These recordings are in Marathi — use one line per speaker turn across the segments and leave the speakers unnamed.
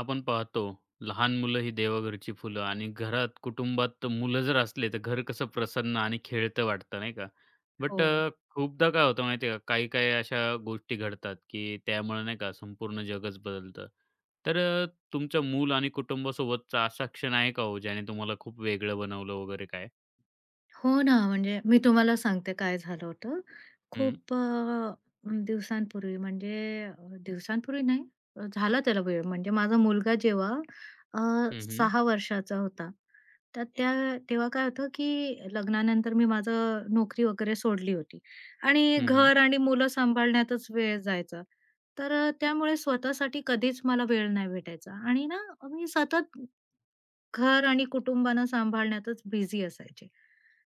आपण पाहतो लहान मुलं ही देवघरची फुलं आणि घरात कुटुंबात तर मुलं जर असले तर घर कसं प्रसन्न आणि खेळतं वाटतं नाही का. बट
हो.
अ, खूपदा काय होतं माहिती आहे का काही-काही अशा गोष्टी घडतात की त्यामुळे नाही का, संपूर्ण जगच बदलतं. तर अ, तुमचं मूल आणि कुटुंबासोबतचा असा क्षण आहे का हो ज्याने तुम्हाला खूप वेगळं बनवलं वगैरे काय?
हो ना. म्हणजे मी तुम्हाला सांगते काय झालं होतं.
हं.
खूप अ, दिवसांपूर्वी म्हणजे दिवसांपूर्वी नाही झाला त्याला वेळ म्हणजे माझा मुलगा जेव्हा अ,
हं, हं.
6 वर्षाचा होता. तर त्या तेव्हा काय होतं की लग्नानंतर मी माझं नोकरी वगैरे सोडली होती आणि
हं, हं.
घर आणि मुलं सांभाळण्यातच वेळ जायचा. तर अ, त्यामुळे स्वतःसाठी कधीच मला वेळ नाही भेटायचा आणि ना मी सतत घर आणि कुटुंबानं सांभाळण्यातच बिझी असायचे.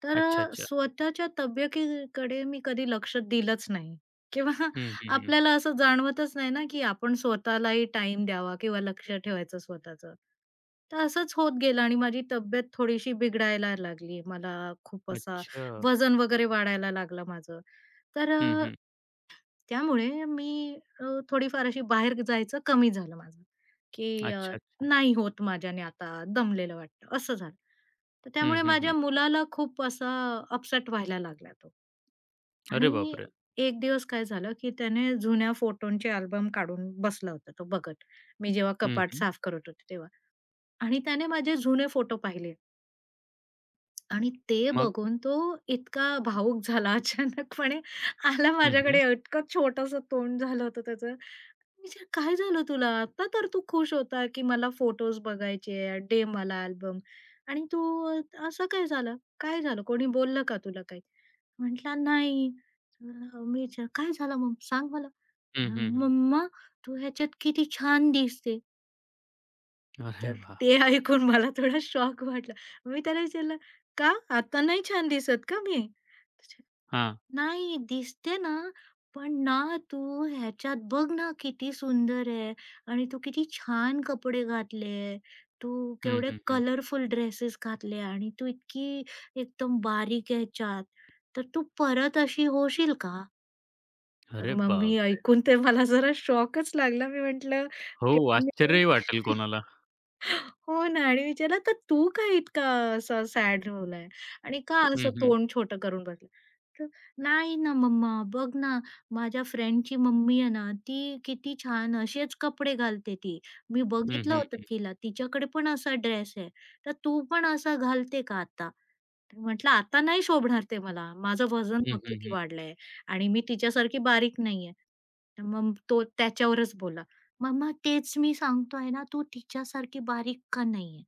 तर
अच्छा,
अ,
अच्छा.
स्वतःच्या तब्येतीकडे मी कधी लक्ष दिलंच नाही किंवा
हं, हं, हं.
आपल्याला असं जाणवतच नाही ना की आपण स्वतःलाही टाईम द्यावा किंवा लक्ष ठेवायचं स्वतःचं. तर असंच होत गेलं आणि माझी तब्येत थोडीशी बिघडायला लागली, मला खूप असा
अच्छा.
वजन वगैरे वाढायला लागलं माझं, तर
हं,
अ,
हं.
त्यामुळे मी अ, थोडी फार अशी बाहेर जायचं कमी झालं माझं, की अ,
अच्छा, अच्छा.
नाही होत माझ्याने आता दमलेलं वाटतं असं झालं. तर
हं,
त्यामुळे
हं, हं.
माझ्या मुलाला खूप असा अपसेट व्हायला लागला तो
अरे
आणि
बापरे!
एक दिवस काय झालं, की त्याने जुन्या फोटोंचे अल्बम काढून बसला होता तो बघत. मी जेव्हा
हं,
कपाट
हं.
साफ करत होते तेव्हा आणि त्याने माझे जुने फोटो पाहिले. आणि ते
मग?
बघून तो इतका भावूक झाला अचानकपणे आला
हं, हं.
माझ्याकडे इतकं छोटंसं तोंड झालं होतं त्याचं. मी विचारलं "काय झालं तुला आता तर तू खुश होता की मला फोटोज बघायचे. दे मला अल्बम आणि तू असं काय झालं. काय झालं कोणी बोललं का तुला काही?" म्हटलं "नाही." मी विचारलं "काय झालं मग सांग मला."
हं, हं, हं.
"मम्मा तू ह्याच्यात किती छान दिसते."
अरे
तर
वाह!
ते ऐकून मला थोडा शॉक वाटला, मी त्याला विचारलं, "का आता नाही छान दिसत का मी?" तुझे
हां.
"नाही दिसते ना, पण ना तू ह्याच्यात बघ ना किती सुंदर आहे आणि तू किती छान कपडे घातले आहे, तू
हं,
केवढे
हं, हं.
कलरफुल ड्रेसेस घातले आणि तू इतकी एकदम बारीक आहे ह्याच्यात, तर तू परत अशी होशील का?" तर
अरे
मग मी
बापरे!
ऐकून ते मला जरा शॉकच लागला, मी म्हटलं
हो!
तेव्हा मी
आश्चर्यही वाटेल कोणाला.
हो ना आणि विचारलं "तर तू का इतका अ, असा सॅड झालाय आणि का
हं,
असं
हं.
तोंड छोटं करून बसलं?" तर "नाही ना मम्मा, बघ ना माझ्या फ्रेंडची मम्मी आहे ना ती किती छान असेच कपडे घालते ती, मी
हं,
बघितलं
हं,
होतं
हं.
तिला, तिच्याकडे पण असा ड्रेस आहे तर तू पण असा घालते का आता?" तर म्हटलं, "आता नाही शोभणार ते मला, माझं वजन
हं,
बघ
हं,
किती
हं.
वाढलंय आणि मी तिच्यासारखी बारीक नाहीये." तर मग तो त्याच्यावरच बोलला, "मम्मा तेच मी सांगतोय ना, तू तिच्यासारखी बारीक का नाहीये?"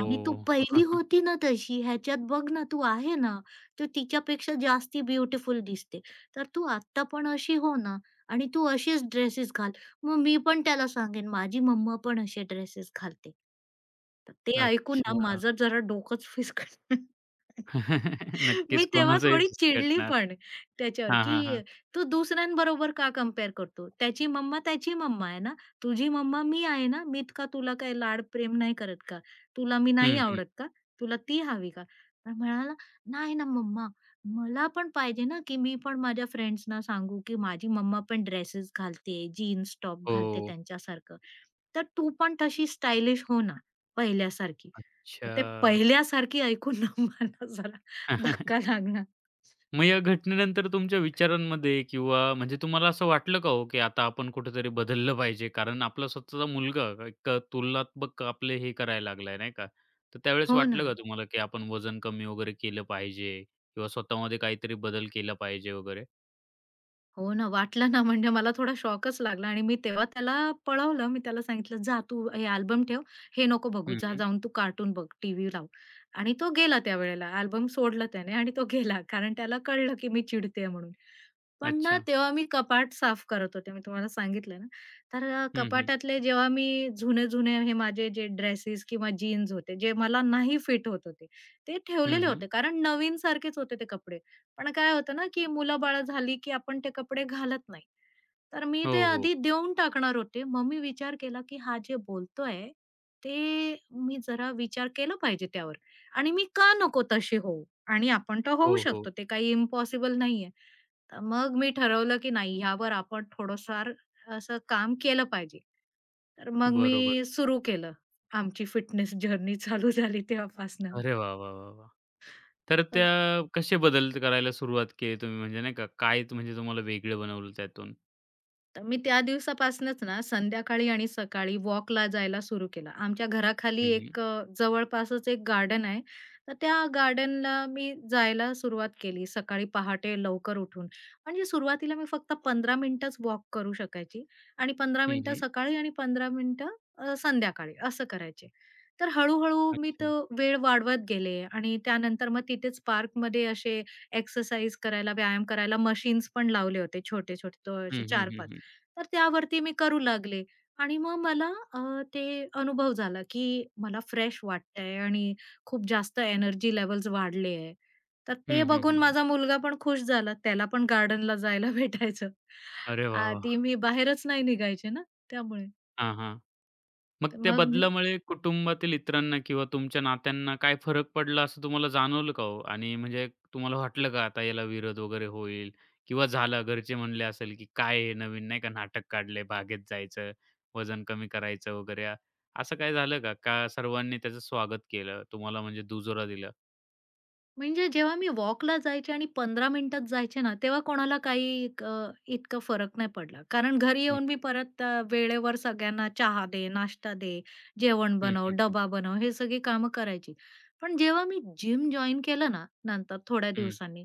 आणि तू पहिली होती ना तशी ह्याच्यात बघ ना तू आहे ना. तर तिच्यापेक्षा जास्ती ब्युटीफुल दिसते. तर तू आत्ता पण अशी हो ना आणि तू अशीच ड्रेसेस घाल. मग मी पण त्याला सांगेन, माझी मम्मा पण असे ड्रेसेस घालते. तर ते ऐकून ना
अच्छा.
माझं जरा डोकंच फिस्कटलं.
नक्कीच
मी तेव्हा
कोणाचंही
थोडी
फिस्कटणार.
चिडलीपण त्याच्यावर,
हां, हां,
की
हां.
"तू दुसऱ्यांबरोबर का कंपेअर करतो? त्याची मम्मा त्याची मम्मा आहे ना. तुझी मम्मा मी आहे ना. मी इतका तुला काही लाड प्रेम नाही करत का? तुला मी नाही
हं, हं.
आवडत का? तुला ती हवी का?" तर म्हणाला "नाही ना मम्मा मला पण पाहिजे ना, की मी पण माझ्या फ्रेंड्सना सांगू, की माझी मम्मा पण ड्रेसेस घालते, जीन्स टॉप घालते
हो.
त्यांच्यासारखं. तर तू पण तशी स्टायलिश हो ना पहिल्यासारखी." तर ते
अच्छा.
पहिल्यासारखी ऐकून ना मला जरा धक्का लागला.
मग या घटनेनंतर तुमच्या विचारांमध्ये किंवा म्हणजे तुम्हाला असं वाटलं का हो, की आता आपण कुठेतरी बदललं पाहिजे. कारण आपला स्वतःचा मुलगा, एक तुलनात्मक आपले हे करायला लागला नाही का. तर त्यावेळेस
हो
वाटलं का
ना.
तुम्हाला, की आपण वजन कमी वगैरे केलं पाहिजे किंवा स्वतःमध्ये काहीतरी बदल केला पाहिजे वगैरे.
हो ना. वाटलं ना म्हणजे मला थोडा शॉकच लागला. आणि मी तेव्हा त्याला पळवलं. मी त्याला सांगितलं "जा तू हे अल्बम ठेव. हे नको बघू
हं,
जा
हं.
जाऊन तू कार्टून बघ टीव्ही लाव." आणि तो गेला त्यावेळेला अल्बम सोडलं त्याने आणि तो गेला कारण त्याला कळलं, की मी चिडतेय म्हणून. पण ना
अच्छा.
तेव्हा मी कपाट साफ करत होते मी तुम्हाला सांगितलंय ना. तर अ,
हं, हं.
कपाटातले जेव्हा मी जुने-जुने हे माझे जे ड्रेसेस किंवा जीन्स होते जे मला नाही फिट होत होते, ते
हं,
ठेवलेले
हं.
होते कारण नवीनसारखेच होते ते कपडे पण काय होतं ना, की मुलंबाळं झाली, की आपण ते कपडे घालत नाही तर मी
हो,
ते
हो.
आधी देऊन टाकणार होते मग मी विचार केला, की हा जे बोलतोय ते मी जरा विचार केला पाहिजे त्यावर आणि मी का नको तशी होऊ आणि आपण तर होऊ
हो, हो.
शकतो ते काही इम्पॉसिबल नाहीये तर मग मी ठरवलं, की नाही यावर आपण थोडंफार असं अ, काम केलं पाहिजे तर मग
बरोबर.
मी सुरू केलं. आमची फिटनेस जर्नी चालू झाली तेव्हापासनं.
अरे वाह, वाह, वाह, वाह! तर
असं.
त्या कसे बदल करायला सुरुवात केली तुम्ही म्हणजे नाही का, काय म्हणजे तुम्हाला वेगळं बनवलं त्यातून?
तर मी त्या दिवसापासनंच ना संध्याकाळी आणि सकाळी वॉकला जायला सुरू केलं. आमच्या घराखाली
हं, हं.
एक अ, जवळपासच एक गार्डन आहे तर त्या गार्डनला मी जायला सुरुवात केली सकाळी पहाटे लवकर उठून, म्हणजे सुरुवातीला मी फक्त 15 मिनिटच वॉक करू शकायची आणि 15
हं,
मिनिटं
हं.
सकाळी आणि 15 मिनिटं अ, संध्याकाळी असं करायचे. तर हळूहळू मी तो
अच्छा!
वेळ वाढवत गेले आणि त्यानंतर मग तिथेच पार्कमध्ये असे एक्सरसाइज करायला व्यायाम करायला मशीन्स पण लावले होते छोटे-छोटे तो असे
हं, हं, हं,
4-5
हं.
तर त्यावरती मी करू लागले आणि मग मला ते अ, अनुभव झाला की मला फ्रेश वाटतंय आणि खूप जास्त एनर्जी लेव्हल्स वाढले आहे, तर
हं,
ते
हं,
बघून
हं, हं.
माझा मुलगा पण खुश झाला. त्याला पण गार्डनला जायला भेटायचं,
अरे वाह!
आधी
वाह!
मी बाहेरच नाही निघायची ना त्यामुळे.
हां, हां. मग
तर
त्या
मग मी
बदलामुळे कुटुंबातील इतरांना किंवा तुमच्या नात्यांना काय फरक पडला असं तुम्हाला जाणवलं का हो? आणि म्हणजे तुम्हाला वाटलं का आता याला विरोध वगैरे होईल किंवा झालं घरचे म्हणले असेल, की काय हे नवीन नाही का नाटक काढलंय बागेत जायचं, वजन कमी करायचं वगैरे असं काही झालं का? का सर्वांनी त्याचं स्वागत केलं, तुम्हाला म्हणजे दुजोरा दिला?
म्हणजे जेव्हा मी वॉकला जायचे आणि 15 मिनिटांत जायचे ना तेव्हा कोणाला काही अ, इतकं फरक नाही पडला, कारण घरी येऊन मी
[unintelligible]
परत अ, वेळेवर सगळ्यांना चहा दे, नाश्ता दे, जेवण
हं,
बनव,
हं, हं.
डब्बा बनव हे सगळी कामं करायची. पण जेव्हा मी जिम जॉइन केलं ना, नंतर थोड्या
हं.
दिवसांनी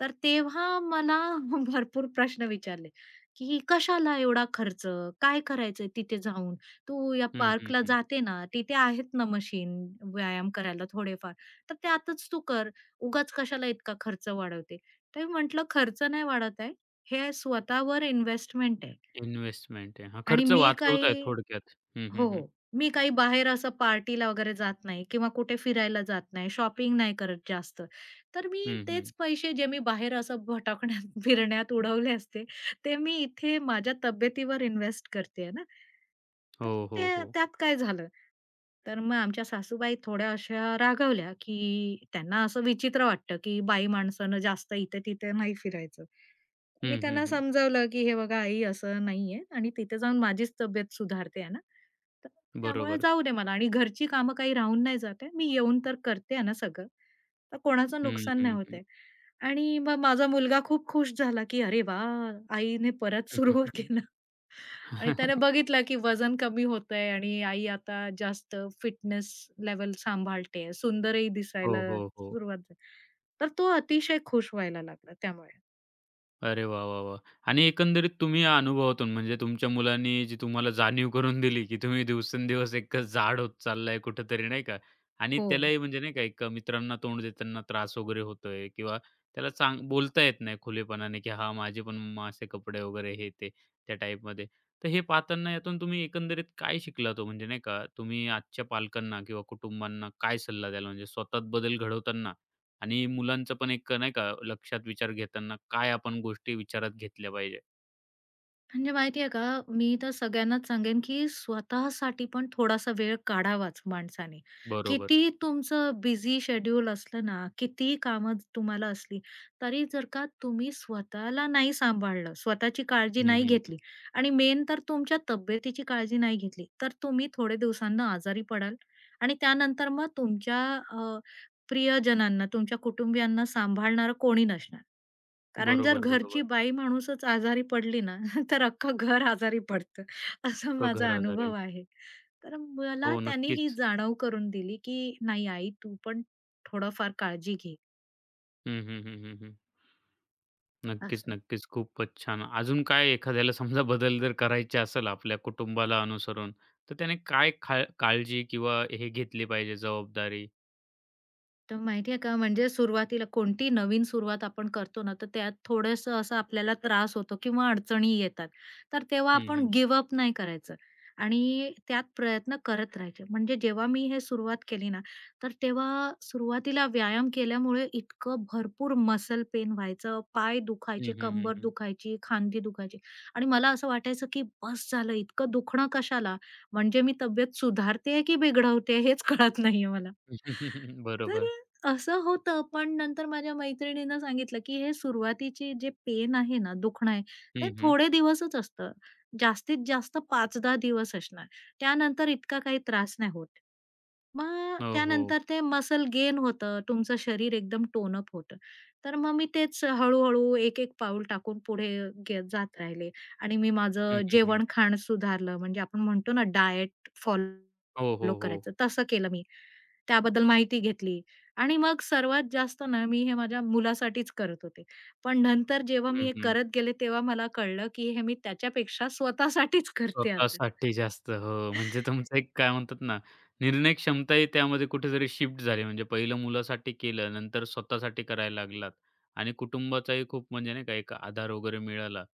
तर तेव्हा मला भरपूर प्रश्न विचारले, की "कशाला एवढा खर्च? काय करायचंय तिथे जाऊन, तू या
हं, हं,
पार्कला
हं.
जाते ना, तिथे आहेत ना मशीन व्यायाम करायला थोडेफार तर त्यातच तू कर. उगाच कशाला इतका खर्च वाढवते?" तर मी म्हटलं "खर्च नाही वाढवताय. हे स्वतःवर इन्व्हेस्टमेंट आहे."
इन्व्हेस्टमेंट आहे. हा,
आणि
खर्च
मी
वाचवताय
काही
थोडक्यात, हं, हं,
हो,
हं.
हो. "मी काही बाहेर असं पार्टीला वगैरे जात नाही किंवा कुठे फिरायला जात नाही, शॉपिंग नाही करत जास्त. तर मी
हं,
तेच
हं.
पैसे जे मी बाहेर असं भटकण्यात फिरण्यात उडवले असते ते मी इथे माझ्या तब्येतीवर इन्व्हेस्ट करते आहे ना. तर
हो, हो,
ते
हो.
त्यात काय झालं?" तर मग आमच्या सासूबाई थोड्या अशा रागवल्या, की त्यांना असं विचित्र वाटतं, की बाई माणसानं जास्त इथं-तिथं नाही फिरायचं. मी
हं, हं,
त्यांना
हं.
समजावलं, की "हे बघा आई असं नाहीये आणि तिथे जाऊन माझीच तब्येत सुधारते आहे ना तर त्यामुळे
बरोबर.
जाऊ दे मला आणि घरची कामं काही राहून नाही जात आहे. मी येऊन तर करते आहे ना सगळं. तर कोणाचं
हं,
नुकसान नाही
हं, हं.
होतंय." आणि मग माझा मुलगा खूप खुश झाला, की "अरे वाह आईने परत सुरू केलं." आणि त्याने बघितलं, की वजन कमी होतंय आणि आई आता जास्त फिटनेस लेव्हल सांभाळतेय सुंदर ही
हो,
दिसायला
हो, हो.
सुरुवात झाली तर तो अतिशय खुश व्हायला लागला त्यामुळे.
अरे वाह! वाह! वाह! आणि एकंदरीत तुम्ही या अनुभवातून, म्हणजे तुमच्या मुलांनी, जी तुम्हाला जाणीव करून दिली, की तुम्ही दिवसेंदिवस एक अ, जाड होत चाललाय कुठेतरी नाही का. आणि
हो.
त्यालाही म्हणजे नाही का, एक मित्रांना तोंड देतांना त्रास वगैरे होतोय, किंवा त्याला सां बोलता येत नाही खुलेपणाने, की हां माझे पण मम्मा असे कपडे वगैरे हे ते, त्या टाइपमध्ये. तर हे पाहतांना यातून तुम्ही एकंदरीत काय शिकलात हो? म्हणजे नाही का, तुम्ही आजच्या पालकांना, किंवा कुटुंबांना काय सल्ला द्याल ?म्हणजे स्वतःत बदल घडवतांना आणि मुलांचं पण एक नाही का, लक्षात विचार घेतांना, काय आपण गोष्टी विचारात घेतल्या पाहिजे?
म्हणजे माहिती आहे का, मी तर सगळ्यांनाच सांगेन, की स्वतःसाठी पण थोडासा वेळ काढावाच माणसाने.
बरोबर.
कितीही तुमचं बिझी शेड्यूल असलं ना, कितीही कामं अ, तुम्हाला असली, तरी जर का तुम्ही स्वतःला नाही सांभाळलं, स्वतःची काळजी
हं,
नाही
हं,
घेतली.
हं.
आणि मेन तर तुमच्या तब्येतीची काळजी नाही घेतली. तर तुम्ही थोडे दिवसांनी आजारी पडाल आणि त्यानंतर मग तुमच्या अ, प्रियजनांना, तुमच्या कुटुंबियांना सांभाळणारं कोणी नसणार. कारण जर
बरोबर,
घरची
बरोबर.
बाई माणूसच आजारी पडली ना, तर अख्खं घर आजारी पडतं, असा
अख्ख घर
माझा
आजारी होईल.
अनुभव आहे. तर अ, मला
हो
त्यांनी ही
नक्कीच.
जाणीव करून दिली, की नाही आई तू पण थोडंफार काळजी घे.
हं, हं, हं, हं, हं. नक्कीच,
असं.
नक्कीच. खूपच छान. अजून काय एखाद्याला समजा बदल जर करायचे असेल आपल्या कुटुंबाला अनुसरून तर त्याने काय खा काळजी किंवा हे घेतली पाहिजे जबाबदारी?
तर माहिती आहे का म्हणजे सुरुवातीला कोणती नवीन सुरुवात आपण करतो ना तर त्यात थोडंसं असं आपल्याला त्रास होतो किंवा अडचणी येतात. तर तेव्हा
हं,
आपण
हं.
गिव्ह अप नाही करायचं आणि त्यात प्रयत्न करत राहायचे म्हणजे जेव्हा मी हे सुरुवात केली ना तर तेव्हा अ, सुरुवातीला व्यायाम केल्यामुळे इतकं भरपूर मसल पेन व्हायचं, पाय
हं,
दुखायचे,
हं, हं,
कंबर
हं.
दुखायची, खांदी दुखायची आणि मला असं वाटायचं की बस झालं इतकं दुखणं कशाला म्हणजे मी तब्येत सुधारते आहे की बिघडवते हेच कळत नाहीये मला. तर
बरोबर.
अ, असं होतं. पण नंतर माझ्या मैत्रिणीनं सांगितलं, की हे सुरुवातीची जे पेन आहे ना दुखणं आहे, ते
हं, हं.
थोडे दिवसच असतं. जास्तीत जास्त 5-10 दिवस असणार त्यानंतर इतका काही त्रास नाही होत. मग
हो, हो.
त्यानंतर ते मसल गेन होतं, तुमचं शरीर एकदम टोन अप होतं. तर मग मी तेच हळू-हळू एक-एक पाऊल टाकून पुढे गे अ, जात राहिले आणि मी
हं,
माझं
हं, हं.
जेवण खाणं सुधारलं, म्हणजे आपण म्हणतो ना डायट
हो,
फॉलो
हो, हो.
करायचं तसं केलं. मी त्याबद्दल माहिती घेतली आणि मग सर्वात जास्त ना, मी हे माझ्या मुलासाठीच करत होते पण नंतर जेव्हा मी
हं,
हे
हं.
करत गेले तेव्हा मला कळलं, की हे मी त्याच्यापेक्षा स्वतःसाठीच करते आता.
स्वतःसाठी जास्त, हो. म्हणजे तुमचं एक काय म्हणतात ना निर्णय क्षमताही त्यामध्ये कुठेतरी शिफ्ट झाली, म्हणजे पहिलं मुलासाठी केलं, नंतर स्वतःसाठी करायला लागलात आणि कुटुंबाचाही खूप म्हणजे नाही का, एक आधार वगैरे मिळाला.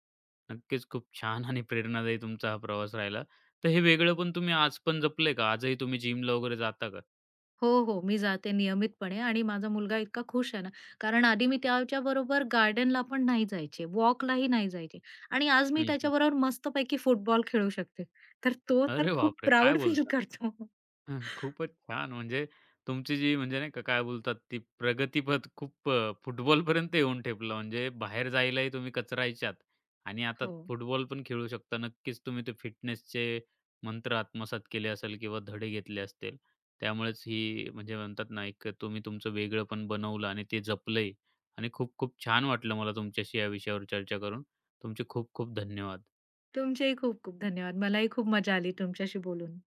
नक्कीच खूप छान आणि प्रेरणादायी तुमचा हा प्रवास राहिला तर हे वेगळेपण तुम्ही आजपण जपलंय का, आजही तुम्ही जिमला वगैरे जाता का?
हो, हो. मी जाते नियमितपणे आणि माझा मुलगा इतका खुश आहे ना, कारण आधी मी त्याच्याबरोबर गार्डनला पण नाही जायचे वॉकलाही नाही जायचे आणि आज मी
हं, हं.
त्याच्याबरोबर मस्तपैकी फुटबॉल खेळू शकते, तर तो तर
अरे
खूप
बापरे! काय
प्राउड फील
बोलतात.
करतो.
खूपच छान, म्हणजे तुमची जी म्हणजे नाही का काय बोलतात ती प्रगतीपथ खूप अ, फुटबॉलपर्यंत येऊन ठेपला म्हणजे बाहेर जायलाही तुम्ही कचरायचात आणि आता
हो.
फुटबॉल पण खेळू शकता. नक्कीच तुम्ही ते फिटनेसचे मंत्र आत्मसात केले असेल किंवा धडे घेतले असतील, त्यामुळेच ही म्हणजे म्हणतात ना, एक तुम्ही तुमचं वेगळेपण बनवलं आणि ते जपलंही आणि खूप-खूप छान वाटलं मला तुमच्याशी या विषयावर चर्चा करून. तुमचे खूप-खूप धन्यवाद.
तुमचेही खूप-खूप धन्यवाद. मलाही खूप मजा आली तुमच्याशी बोलून.